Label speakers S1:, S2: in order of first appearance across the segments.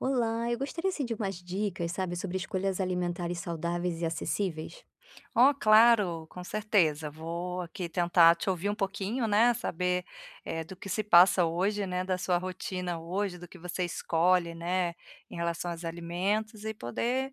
S1: Olá, eu gostaria, assim, de umas dicas, sabe, sobre escolhas alimentares saudáveis e acessíveis.
S2: Oh, claro, com certeza, vou aqui tentar te ouvir um pouquinho, né, saber, eh, do que se passa hoje, né, da sua rotina hoje, do que você escolhe, né, em relação aos alimentos e poder,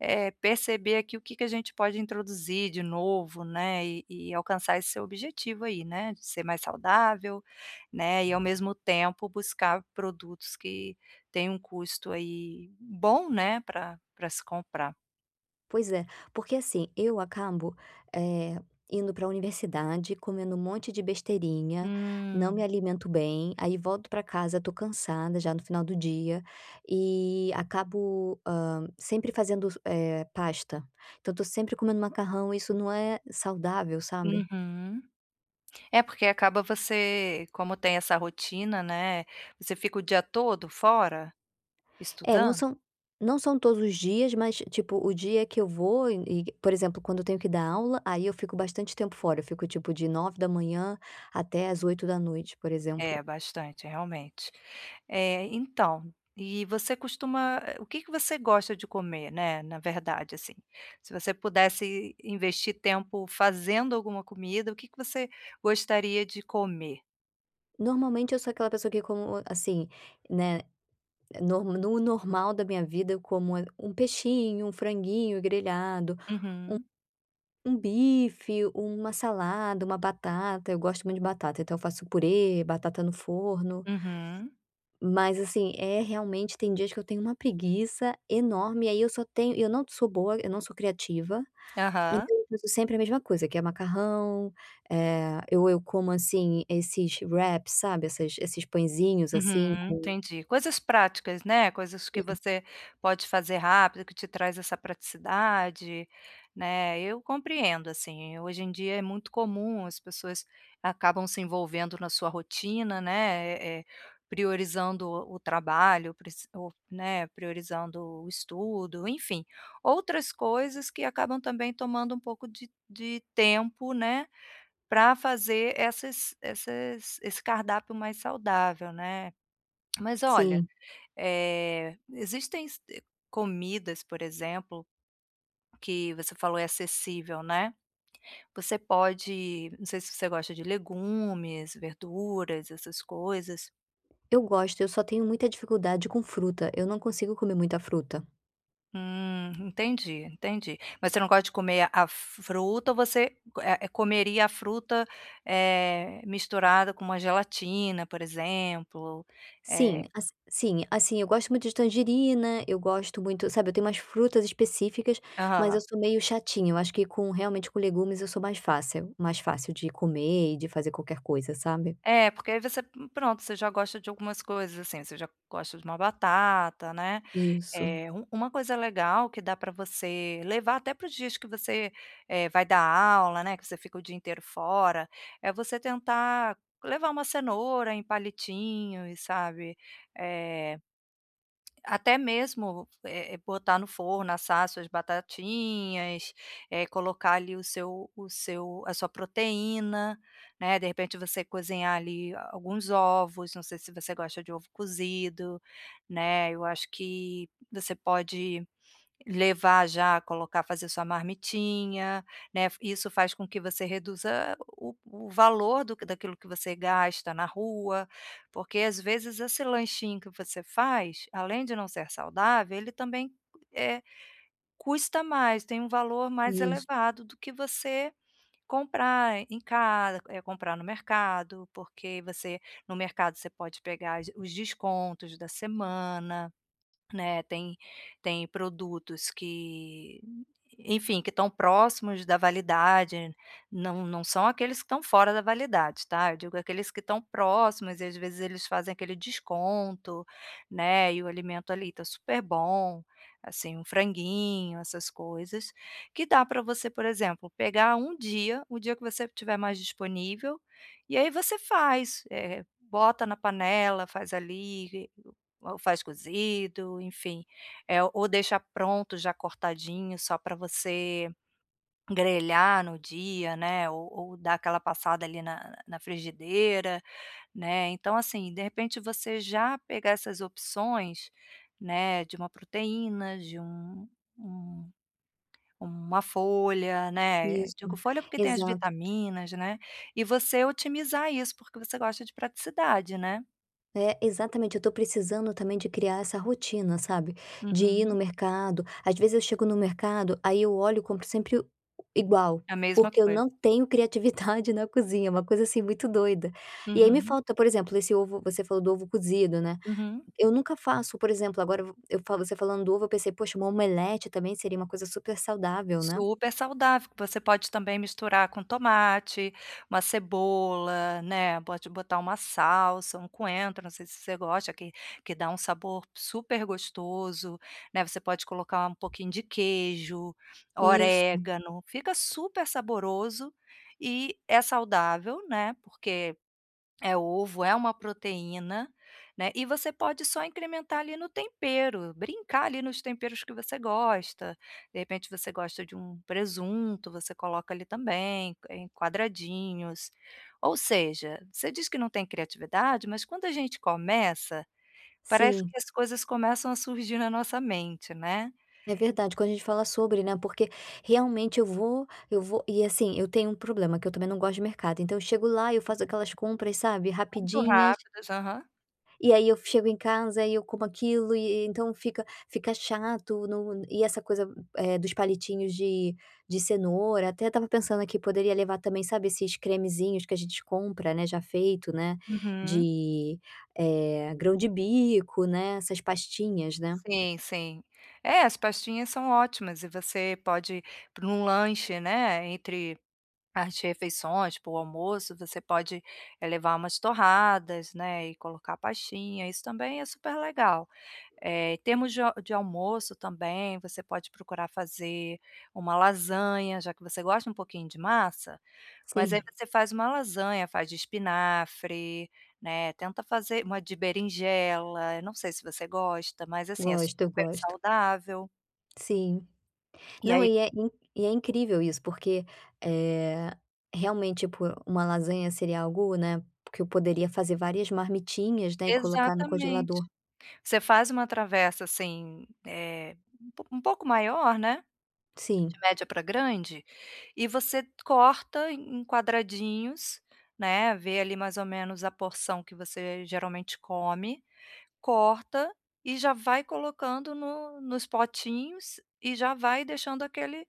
S2: eh, perceber aqui o que que a gente pode introduzir de novo, né, e e alcançar esse seu objetivo aí, né, de ser mais saudável, né, e ao mesmo tempo buscar produtos que tenham um custo, aí, bom, né, para para se comprar.
S1: Pois é, porque assim, eu acabo, eh, indo para universidade, comendo um monte de besteirinha, não me
S2: Hum.
S1: alimento bem, aí volto para casa, estou cansada já no final do dia, e acabo, hã, sempre fazendo, eh, pasta, então estou sempre comendo macarrão e isso não é saudável, sabe.
S2: Uhum. É, porque acaba você como tem essa rotina, né. Você fica o dia todo fora,
S1: É, não
S2: estudando?
S1: são não são todos os dias, mas tipo, o dia que eu vou e e por exemplo, quando eu tenho que dar aula, aí eu fico bastante tempo fora, eu fico, tipo, de 9h até às 20h, por exemplo.
S2: É, bastante, realmente. Eh, então, e você costuma eh, o que que você gosta de comer, né, na verdade assim? Se você pudesse investir tempo fazendo alguma comida, o que que você gostaria de comer?
S1: Normalmente eu sou aquela pessoa que como assim, né, eh, no normal da minha vida, eu como, eh, um peixinho, um franguinho grelhado, um
S2: Uhum.
S1: um bife, uma salada, uma batata. Eu gosto muito de batata, então eu faço purê, batata no forno.
S2: Uhum.
S1: Mas, assim, é, realmente, tem dias que eu tenho uma preguiça enorme e aí eu só tenho e eu não sou boa, eu não sou criativa, então
S2: Aham.
S1: eu uso sempre a mesma coisa que é macarrão, eh, eu eu como, assim, esses wraps, sabe, essas esses pãezinhos assim
S2: Uhum,
S1: com
S2: entendi, coisas práticas, né, coisas que
S1: Sim.
S2: você pode fazer rápido, que te traz essa praticidade, né. Eu compreendo, assim. Hoje em dia, é muito comum, as pessoas acabam se envolvendo na sua rotina, né, eh eh, priorizando o o trabalho, prec ou, né, priorizando o estudo, enfim, outras coisas que acabam também tomando um pouco de de tempo, né, para fazer essas esses esse cardápio mais saudável, né. Mas, olha,
S1: Sim.
S2: eh, existem se eh, comidas, por exemplo, que você falou é acessível, né, você pode não sei se você gosta de legumes, verduras, essas coisas
S1: Eu gosto, eu só tenho muita dificuldade com fruta, eu não consigo comer muita fruta.
S2: Hum, entendi, entendi. Mas você não gosta de comer a f fruta ou você, eh, comeria a fruta, eh, misturada com uma gelatina, por exemplo? Eh
S1: Sim, ass sim, assim, eu gosto muito de tangerina, eu gosto muito, sabe, eu tenho umas frutas específicas. Mas eu
S2: Aham.
S1: sou meio chatinha eu acho que com realmente com legumes eu sou mais fácil mais fácil de comer e de fazer qualquer coisa, sabe.
S2: É porque aí você, p pronto você já gosta de algumas coisas assim, você já gosta de uma batata né.
S1: Isso.
S2: Eh u uma coisa legal que dá para você levar até para os dias que você, eh, vai dar aula, né, que você fica o dia inteiro fora, é você tentar levar uma cenoura em palitinhos, sabe, eh, até mesmo, eh eh, botar no forno, assar as suas batatinhas, eh, colocar ali o seu o seu a sua proteína, né, de repente, você cozinhar ali alguns ovos. Não sei se você gosta de ovo cozido, né. Eu acho que você pode levar já, colocar fazer sua marmitinha, né. Isso faz com que você reduza o o valor do daquilo que você gasta na rua, porque, às vezes, esse lanchinho que você faz, além de não ser saudável, ele também eh, custa mais, tem um valor mais
S1: Isso.
S2: elevado do que você comprar em casa eh, comprar no mercado, porque você no mercado você pode pegar as os descontos da semana, né. Tem tem produtos que, enfim, que estão próximos da validade. Não não são aqueles que estão fora da validade, tá. Eu digo aqueles que estão próximos e, às vezes, eles fazem aquele desconto, né. E o alimento ali tá super bom, assim, um franguinho, essas coisas, que dá pra você, por exemplo, pegar um dia, o dia que você estiver mais disponível, e aí você faz, eh, bota na panela, faz ali, ou faz cozido, enfim, eh, ou deixa pronto já cortadinho só pra você grelhar no dia, né, ou ou dar aquela passada ali na na frigideira, né. Então, assim, de repente, você já pegar essas opções, né, de uma proteína, de um um uma folha, né.
S1: Isso,
S2: Digo folha porque tem as
S1: exato.
S2: vitaminas, né, e você otimizar isso porque você gosta de praticidade, né?
S1: É, exatamente. Eu tô precisando também de criar essa rotina, sabe, de ir no
S2: Uhum.
S1: mercado. Às vezes eu chego no mercado, aí eu olho e compro sempre u igual,
S2: A mesma
S1: porque eu
S2: coisa.
S1: não tenho criatividade na cozinha, uma coisa, assim, muito doida. E aí me
S2: Uhum.
S1: falta, por exemplo, esse ovo você falou do ovo cozido, né.
S2: Uhum.
S1: Eu nunca faço, por exemplo. Agora eu v eu falo você falando do ovo, eu pensei: "Poxa, uma omelete também seria uma coisa super saudável, né?".
S2: Super saudável. Você pode também misturar com tomate, uma cebola, né. Pode botar uma salsa, um coentro, não sei se você gosta, que que dá um sabor super gostoso, né. Você pode colocar um pouquinho de queijo,
S1: Isso.
S2: orégano. Fica super saboroso e é saudável, né, porque é ovo, é uma proteína, né. E você pode só incrementar ali no tempero, brincar ali nos temperos que você gosta. De repente você gosta de um presunto, você coloca ali também, em quadradinhos. Ou seja, você diz que não tem criatividade, mas quando a gente começa, parece
S1: Sim.
S2: que as coisas começam a surgir na nossa mente, né.
S1: É verdade. Quando a gente fala sobre, né, porque, realmente, eu vou eu vou e, assim, eu tenho um problema que eu também não gosto de mercado. Então eu chego lá, eu faço aquelas compras, sabe,
S2: Muito
S1: rapidinhas
S2: rápidas, aham.
S1: e aí eu chego em casa e eu como aquilo e e então fica fica chato no e essa coisa, eh, dos palitinhos de de cenoura, até eu estava pensando aqui, poderia levar também, sabe, esses cremezinhos que a gente compra, né, já feito, né,
S2: Uhum.
S1: de, eh, grão-de-bico, né, essas pastinhas, né.
S2: Sim, sim. É, as pastinhas são ótimas e você pode para um lanche, né, entre as refeições, tipo o almoço, você pode levar umas torradas, né, e colocar a pastinha. Isso também é super legal. Eh, temos de a de almoço também, você pode procurar fazer uma lasanha, já que você gosta um pouquinho de massa. Mas aí
S1: Sim.
S2: você faz uma lasanha, faz de espinafre, né. Tenta fazer uma de berinjela. Eu não sei se você gosta, mas, assim, é
S1: Gosto,
S2: super
S1: eu gosto.
S2: saudável.
S1: Sim.
S2: E
S1: Não,
S2: aí.
S1: e é in e é incrível isso porque, eh, realmente, tipo, uma lasanha seria algo, né, que eu poderia fazer várias marmitinhas, né, e colocar no
S2: Exatamente.
S1: congelador.
S2: Você faz uma travessa, assim, eh, um po um pouco maior, né, de
S1: Sim.
S2: média pra grande, e você corta em quadradinhos, né. Vê ali mais ou menos a porção que você geralmente come, corta e já vai colocando no nos potinhos e já vai deixando aquele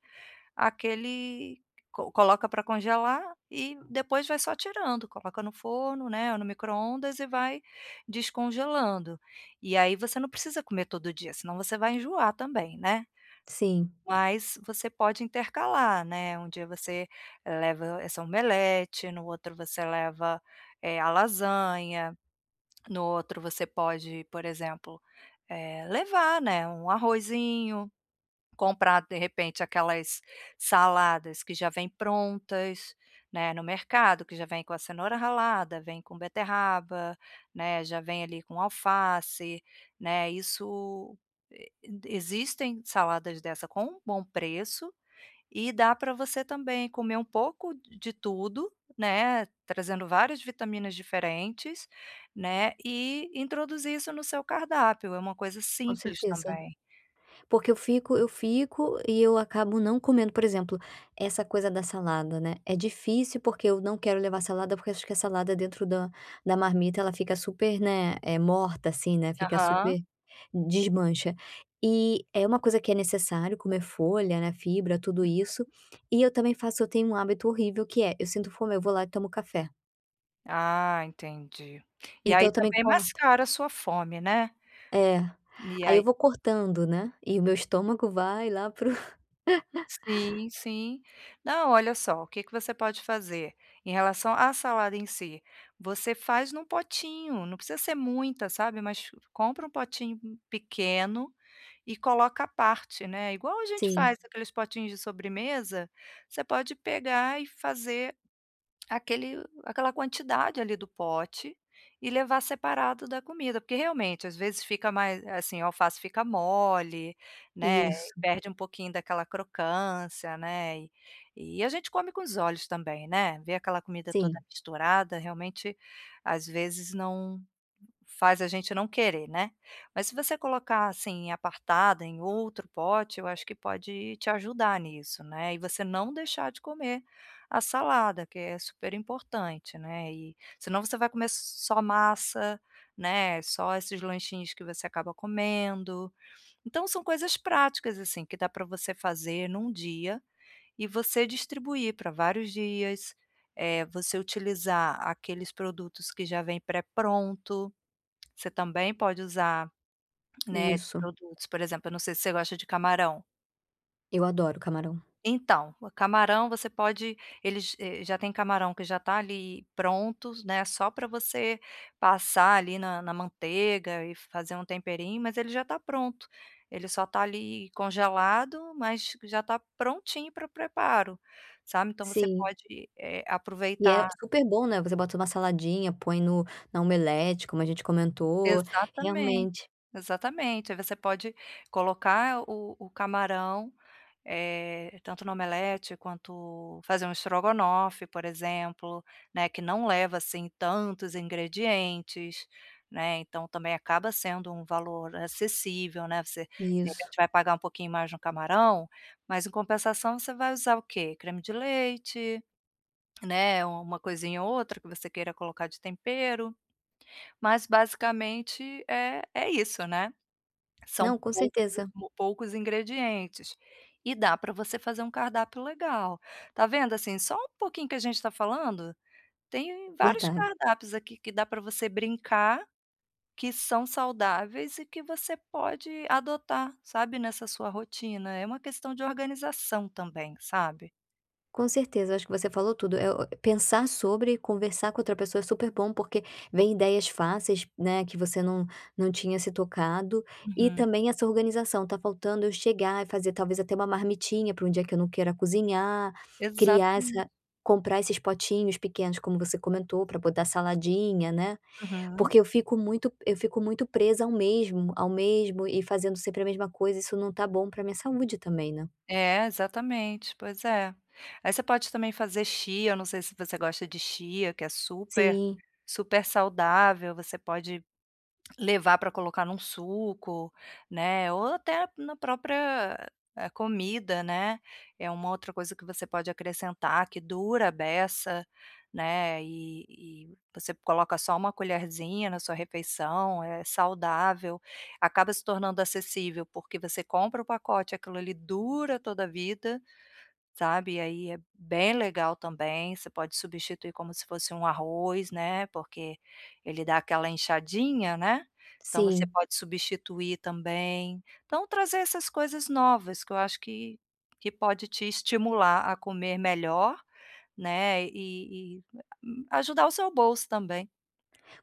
S2: aquele co coloca para congelar. E depois vai só tirando, coloca no forno, né, ou no micro-ondas e vai descongelando. E aí você não precisa comer todo dia, senão você vai enjoar também, né.
S1: Sim.
S2: Mas você pode intercalar, né. Um dia você leva essa omelete, no outro você leva, eh, a lasanha, no outro você pode, por exemplo, eh, levar, né, um arrozinho, comprar, de repente, aquelas saladas que já vêm prontas, né, no mercado, que já vêm com a cenoura ralada, vêm com beterraba, né, já vêm ali com alface, né. Isso, e existem saladas dessa com um bom preço e dá pra você também comer um pouco de tudo, né, trazendo várias vitaminas diferentes, né, e introduzir isso no seu cardápio. É uma coisa
S1: Com
S2: simples
S1: certeza.
S2: também.
S1: Porque eu fico eu fico e eu acabo não comendo, por exemplo, essa coisa da salada, né, é difícil porque eu não quero levar salada, porque acho que a salada dentro da da marmita, ela fica super, né, eh, morta, assim, né, fica
S2: Aham.
S1: super desmancha. E é uma coisa que é necessário comer folha, né, fibra, tudo isso.
S2: [unintelligible]
S1: E eu também faço eu tenho um hábito horrível que é: eu sinto fome, eu vou lá e tomo café.
S2: Ah, entendi. E
S1: Então eu
S2: aí
S1: também
S2: também
S1: corto
S2: mascara a sua fome, né?
S1: É,
S2: E
S1: aí eu
S2: aí
S1: vou cortando, né, e o meu estômago vai lá para o...
S2: Sim, sim. Não, olha só, o que que você pode fazer: em relação à salada em si, você faz em um potinho, não precisa ser muita, sabe, mas compra um potinho, hum, pequeno, e coloca à parte, né, igual a gente
S1: Sim.
S2: faz aqueles potinhos de sobremesa, você pode pegar e fazer aquele aquela quantidade ali do pote e levar separado da comida. Porque, realmente, às vezes fica mais eh, assim, o alface fica mole, né, e
S1: Isso.
S2: perde um pouquinho daquela crocância, né, e e a gente come com os olhos também, né? Ver aquela comida toda
S1: Sim.
S2: misturada, realmente, às vezes não faz a gente não querer, né? Mas se você colocar, assim, apartada em outro pote, eu acho que pode te ajudar nisso, né, e você não deixar de comer a salada, que é super importante, né, e senão você vai comer s só massa, né, só esses lanchinhos que você acaba comendo. Então, são coisas práticas, assim, que dá para você fazer em um dia, e você distribuir para vários dias, eh, você utilizar aqueles produtos que já vêm pré-pronto, você também pode usar, né, esses
S1: Isso.
S2: produtos. Por exemplo, eu não sei se você gosta de camarão.
S1: Eu adoro camarão.
S2: Então, o camarão você pode Eles, eh, já tem camarão que já tá ali pronto, né, só para você passar, ali, na na manteiga e fazer um temperinho, mas ele já tá pronto. Ele só tá, ali, congelado, mas já tá prontinho para o preparo, sabe? Então você
S1: Sim.
S2: pode, eh,
S1: E é
S2: aproveitar.
S1: super bom, né, você bota em uma saladinha, põe no na omelete, como a gente comentou,
S2: Exatamente,
S1: realmente.
S2: exatamente. Aí você pode colocar o o camarão, eh, tanto no omelete quanto fazer um strogonoff, por exemplo, né, que não leva, assim, tantos ingredientes, né. Então, também acaba sendo um valor acessível, né. Você, de
S1: Isso.
S2: repente vai pagar um pouquinho mais no camarão, mas em compensação você vai usar o quê? Creme de leite, né, uma coisinha ou outra que você queira colocar de tempero, mas basicamente, é é isso, né. São
S1: Não, com
S2: poucos
S1: certeza.
S2: poucos ingredientes e dá para você fazer um cardápio legal. Tá vendo, assim, só um pouquinho que a gente tá falando, tem vários
S1: Verda
S2: cardápios aqui que dá para você brincar, que são saudáveis e que você pode adotar, sabe, nessa sua rotina. É uma questão de organização também, sabe?
S1: Com certeza, eu acho que você falou tudo. Eh, o pensar sobre conversar com outra pessoa é super bom porque vem ideias fáceis, né, que você não não tinha se tocado. E
S2: Uhum.
S1: também essa organização, tá faltando eu chegar e fazer, talvez, até uma marmitinha para um dia que eu não queira cozinhar, criar
S2: Exatamen
S1: essa comprar esses potinhos pequenos, como você comentou, para botar saladinha, né.
S2: Uhum.
S1: Porque eu fico muito eu fico muito presa ao mesmo ao mesmo e fazendo sempre a mesma coisa, isso não tá bom para minha saúde, também, né.
S2: É, exatamente! Pois é! Aí você pode, também, fazer chia, não sei se você gosta de chia que é super
S1: Sim.
S2: super saudável. Você pode levar pra colocar em um suco, né, ou até na própria comida, né. É uma outra coisa que você pode acrescentar, que dura à beça, né, e e você coloca só uma colherzinha na sua refeição, é saudável. Acaba se tornando acessível, porque você compra o pacote, aquilo ali dura toda vida, sabe? E aí é bem legal também, você pode substituir como se fosse um arroz, né, porque ele dá aquela enxadinha, né, então você
S1: Sim.
S2: pode substituir também. Então, trazer essas coisas novas que eu acho que que pode te estimular a comer melhor, né, e e ajudar o seu bolso também.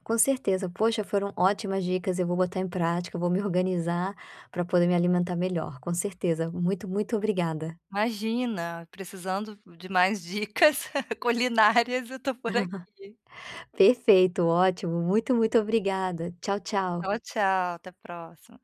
S1: Com certeza. Poxa, foram ótimas dicas. Eu vou botar em prática, vou me organizar pra poder me alimentar melhor, com certeza. Muito, muito obrigada.
S2: Imagina, precisando de mais dicas culinárias, eu tô por aqui.
S1: Perfeito, ótimo! Muito, muito obrigada. Tchau, tchau.
S2: Tchau, tchau. Até próxima.